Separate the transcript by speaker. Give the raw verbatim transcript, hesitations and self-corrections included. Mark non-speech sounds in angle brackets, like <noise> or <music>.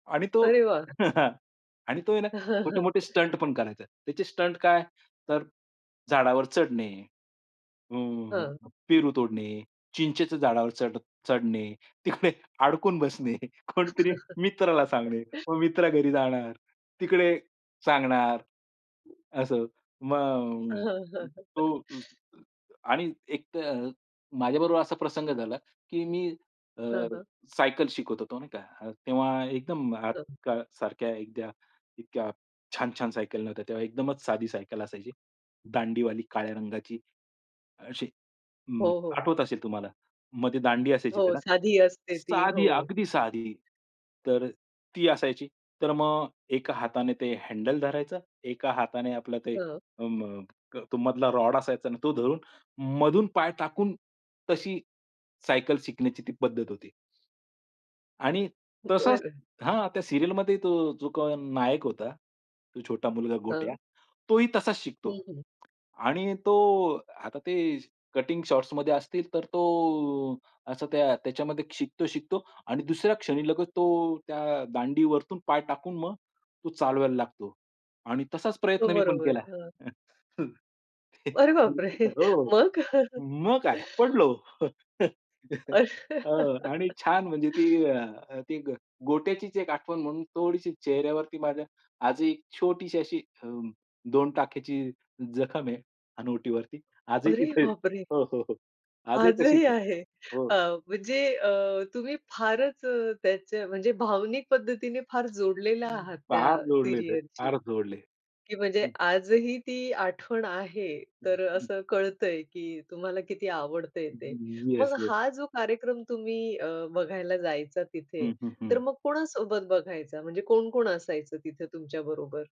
Speaker 1: आणि तो
Speaker 2: अरे वाह!
Speaker 1: <chuckles> आणि तो आहे ना छोटे-मोठे स्टंट
Speaker 2: <chuckles>
Speaker 1: पण करायचा. त्याचे स्टंट काय? तर झाडावर चढणे, अ,
Speaker 2: हां.
Speaker 1: पेरू तोडणे, चिंचेच्या झाडावर चढ चढणे, तिकडे अडकून बसणे, कुणीतरी मित्राला सांगणे,
Speaker 2: <chuckles>
Speaker 1: मग मित्र घरी जाणार, तिकडे सांगणार, असं. मग
Speaker 2: हां, हां, हां.
Speaker 1: तो
Speaker 2: <chuckles>
Speaker 1: आणि एक अ, तर माझ्याबरोबर असा प्रसंग झाला, की मी अ,
Speaker 2: हां, हां.
Speaker 1: सायकल शिकत होतो, नाही का. तेव्हा एकदम
Speaker 2: हं.
Speaker 1: आजकाल सारख्या एखाद्या इतक्या छान-छान सायकल नव्हत्या. तेव्हा एकदमच साधी सायकल असायची. दांडीवाली काळ्या रंगाची अशी. अ,
Speaker 2: हो, हो.
Speaker 1: आठवत असेल तुम्हाला. मधे दांडी असायची
Speaker 2: हो.
Speaker 1: त्याला.
Speaker 2: साधी असते ती. हो.
Speaker 1: साधी अगदी साधी, तर अ, ती असायची. तर मग एका हाताने ते हँडल धरायचं, एका हाताने आपलं ते
Speaker 2: हां.
Speaker 1: अ, म क मधला रॉड असायचा ना तो धरून मधून पाय टाकून, तशी सायकल शिकण्याची ती पद्धत होती. आणि तसाच
Speaker 2: बरं.
Speaker 1: हां, त्या सीरियलमध्ये तो जो कोण नायक होता, तो छोटा मुलगा गोट्या.
Speaker 2: हां.
Speaker 1: तोही तसाच शिकतो
Speaker 2: हं, हं.
Speaker 1: आणि तो आता ते कटींग शॉर्ट्समध्ये असतील तर तो असा त्या त्याच्यामध्ये शिकतो-शिकतो. आणि दुसऱ्या क्षणी लगत तो त्या दांडीवरतून पाय टाकून मग तो चालवायला लागतो आणि तसाच
Speaker 2: हो,
Speaker 1: प्रयत्न मी पण
Speaker 2: बरोबर.
Speaker 1: केला.
Speaker 2: हां.
Speaker 1: <chuckles>
Speaker 2: अरे बापरे!
Speaker 1: निश्चितच,
Speaker 2: <chuckles>
Speaker 1: हो
Speaker 2: मग?
Speaker 1: मग काय? पडलो. <chuckles> हां. आणि छान म्हणजे ती
Speaker 2: <laughs>
Speaker 1: अ, ती ग गोट्याचीच एक आठवण म्हणून थोडीशी चेहऱ्यावरती माझ्या आजही एक छोटीशी अशी अं, दोन टाक्याची जखम आहे हनुवटीवरती. आजही
Speaker 2: अरे
Speaker 1: तिथे आहे,
Speaker 2: बापरे!
Speaker 1: हो, हो, हो. आजही तशीच
Speaker 2: आजही
Speaker 1: आहे.
Speaker 2: आहे.
Speaker 1: हो.
Speaker 2: अ, म्हणजे अ, तुम्ही फारच अ, त्यांच्या म्हणजे भावनिक पद्धतीने फार जोडलेला
Speaker 1: हं.
Speaker 2: आहात
Speaker 1: फार
Speaker 2: त्या
Speaker 1: जोडलेलो आहे.
Speaker 2: सीरियलशी,
Speaker 1: फार जोडलय.
Speaker 2: की म्हणजे
Speaker 1: हं.
Speaker 2: आजही ती आठवण आहे.
Speaker 1: हं,
Speaker 2: तर
Speaker 1: हं.
Speaker 2: असं कळतंय, की तुम्हाला किती आवडतंय ते. मग
Speaker 1: येस, येस.
Speaker 2: हा जो कार्यक्रम तुम्ही अ, बघायला जायचा तिथे,
Speaker 1: हं, हं,
Speaker 2: तर
Speaker 1: हं.
Speaker 2: मग कोणासोबत बघायचा? म्हणजे कोण-कोण असायचं तिथे तुमच्या बरोबर?